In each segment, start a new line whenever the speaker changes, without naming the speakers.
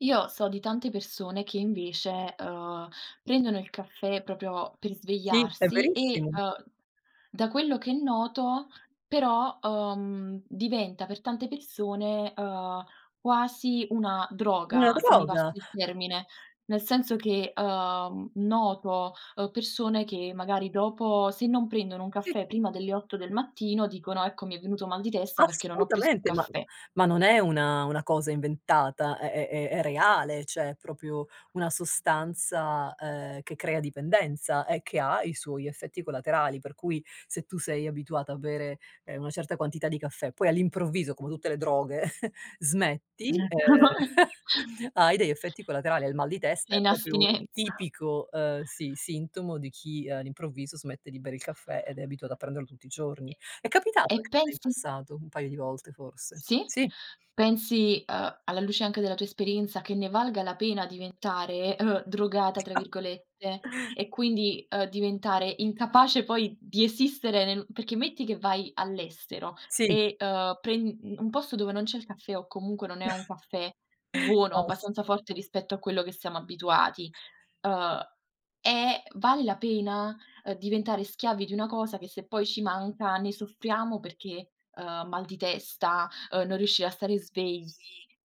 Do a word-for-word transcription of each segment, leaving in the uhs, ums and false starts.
Io, so di tante persone che invece, uhm, prendono il caffè propio per
Sì, s è
svegliarsi e,
verissimo.
uhm, da quello che noto però, uhm, diventa per tante persone, ehm, quasi una
Una
droga se mi passi
droga.
il termine, nel senso che, uhm, noto, uhm, persone che, magari, dopo se non prendono un
Sì.
caffè prima delle otto del mattino dicono: "Ecco, mi è venuto mal di testa, perché non ho preso il
Assolutamente, ma
caffè."
ma non è una una cosa inventata, è è è è reale, ceh, è propio una sostanza, ehm, che crea dipendenza e che ha i suoi effetti collaterali. Per cui, se tu sei abituata a bere, ehm, una certa quantità di caffè, poi all'improvviso come tutte le droghe, smetti, ehm, hai degli effetti collaterali, hai il mal di
È
testa, è
in
propio
astinenza.
tipico, ehm, sì sintomo di chi all'improvviso smette di bere il caffè, ed è abituato a prenderlo tutti i giorni. È
E
capitato anche a me in
pensi
passato un paio di volte forse.
Sì?
Sì.
Pensi, uhm, alla luce anche della tua esperienza, che ne valga la pena diventare, uhm, "drogata" tra virgolette e quindi, uhm, diventare incapace poi di esistere nel perché, metti che vai all'estero
Sì.
e, uhm, pren un posto dove non c'è il caffè, o comunque non è un caffè buono, abbastanza forte
[unintelligible]
rispetto a quello che siamo abituati, uhm, è vale la pena, uhm, diventare schiavi di una cosa, che se poi ci manca ne soffriamo, perché ehm, mal di testa, uhm, non riuscire a stare svegli,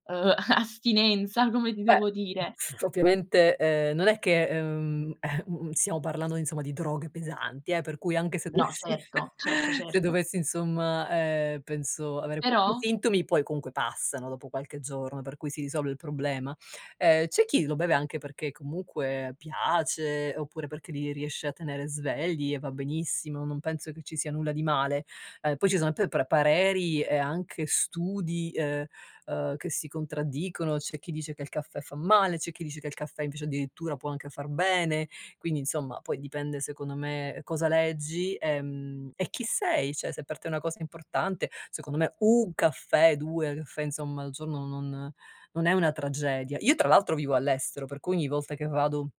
uhm, astinenza come ti
Beh,
devo dire.
s ovviamente, ehm, non è che, uhm, eh, mhmm, stiamo parlando, insomma, di droghe pesanti, eh, per cui, anche se
No,
dovessi
certo, certo,
se
certo.
dovessi, insomma ehm, penso avere pochi
Però
sintomi, poi comunque passano, dopo qualche giorno, per cui si risolve il problema. Ehm, c'è chi lo beve anche perché, comunque, piace oppure perché li riesce a tenere svegli e va benissimo, non penso che ci sia nulla di male. Ehm, poi ci sono p pr pareri, e anche studi, uhm ehm, che si contraddicono, c'è chi dice che il caffè fa male, c'è chi dice che il caffè invece, addirittura, può anche far bene. Quindi, insomma, poi dipende secondo me cosa leggi, ehm, e chi sei; ceh, se per te è una cosa importante, secondo me un caffè, due caffè, insomma, al giorno non non è una tragedia. Io tra l'altro vivo all'estero, per cui ogni volta che vado